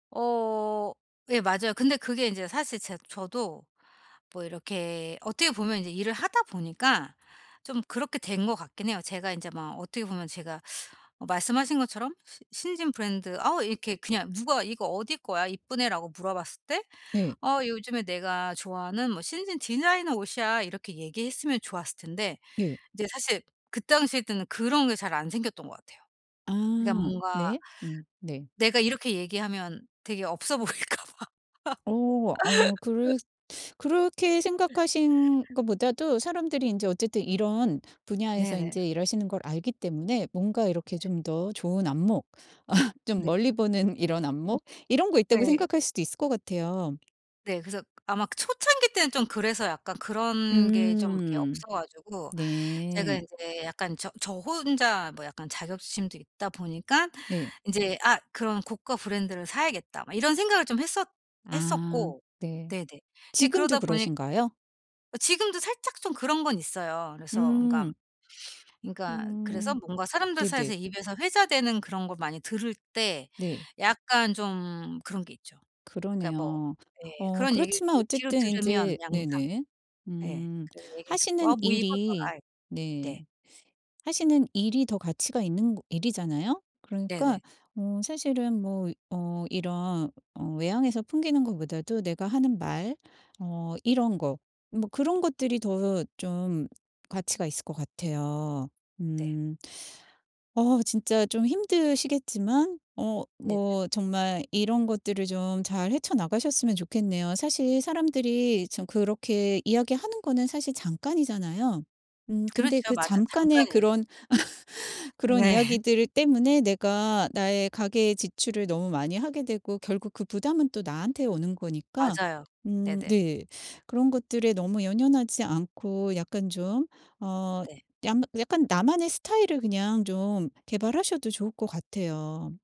어. 예. 맞아요. 근데 그게 이제 사실 제 저도 뭐 이렇게 어떻게 보면 이제 일을 하다 보니까 좀 그렇게 된 것 같긴 해요. 제가 인제 막 어떻게 보면 제가 어 말씀하신 것처럼 시 신진 브랜드 어 이렇게 그냥 누가 "이거 어디 거야? 이쁘네."라고 물어봤을 때 네. "어. 요즘에 내가 좋아하는 뭐 신진 디자이너 옷이야." 이렇게 얘기했으면 좋았을 텐데 네. 이제 사실 그 당시 때는 그런 게 잘 안 생겼던 것 같아요. 그러니까 아 뭔가 네. 음 네. 내가 이렇게 얘기하면 되게 없어 보일까 봐. 어. 어 그랬 그렇게 생각하신 것보다도 사람들이 인제 어쨌든 이런 분야에서 네네. 인제 일하시는 걸 알기 때문에 뭔가 네. 이렇게 좀 더 좋은 안목 좀 네. 멀리 보는 이런 안목? 이런 거 있다고 네. 생각할 수도 있을 것 같아요. 네. 그래서 아마 그 초창기 때는 좀 그래서 약간 그런 게 좀 이렇게 음. 없어 가지고 제가 네. 인제 약간 저 저 혼자 뭐 약간 자격지심도 있다 보니깐 음 네. 인제 '아. 그런 고가 브랜드를 사야겠다.' 막 이런 생각을 좀 했었 아. 했었고 네. 네네. 근데 지금도 그러다 보니 그러신가요? 지금도 살짝 좀 그런 건 있어요. 그래서 그니까, 음. 그니까 그래서 음. 뭔가 사람들 네네. 사이에서 입에서 회자되는 그런 걸 많이 들을 때 네. 약간 좀 그런 게 있죠. 그니까 뭐 그러네요. 예. 어 그런 얘기를 그렇지만 이제 뒤로 어쨌든 들으면 인제 양상 네네. 예. 음. 그래서 얘기를 듣고 하시는 아 뭐 일이 입었더라이 네 네. 하시는 일이 더 가치가 있는 거 일이잖아요. 그러니까 네네. 어 사실은 뭐 어 이런 어 외향에서 풍기는 것보다도 내가 하는 말 어 이런 거 뭐 그런 것들이 더 좀 가치가 있을 것 같아요. 네. 음. 어 진짜 좀 힘드시겠지만 어 네네. 뭐 정말 이런 것들을 좀 잘 헤쳐 나가셨으면 좋겠네요. 사실 사람들이 참 그렇게 이야기하는 거는 사실 잠깐이잖아요. 음 근데 그렇죠. 그 맞아. 잠깐의 잠깐이에요. 그런 그런 네. 이야기들 때문에 내가 나의 가계 지출을 너무 많이 하게 되고 결국 그 부담은 또 나한테 오는 거니까 맞아요. 음 네네. 네. 그런 것들에 너무 연연하지 않고 약간 좀 어 네. 양 약간 나만의 스타일을 그냥 좀 개발하셔도 좋을 것 같아요.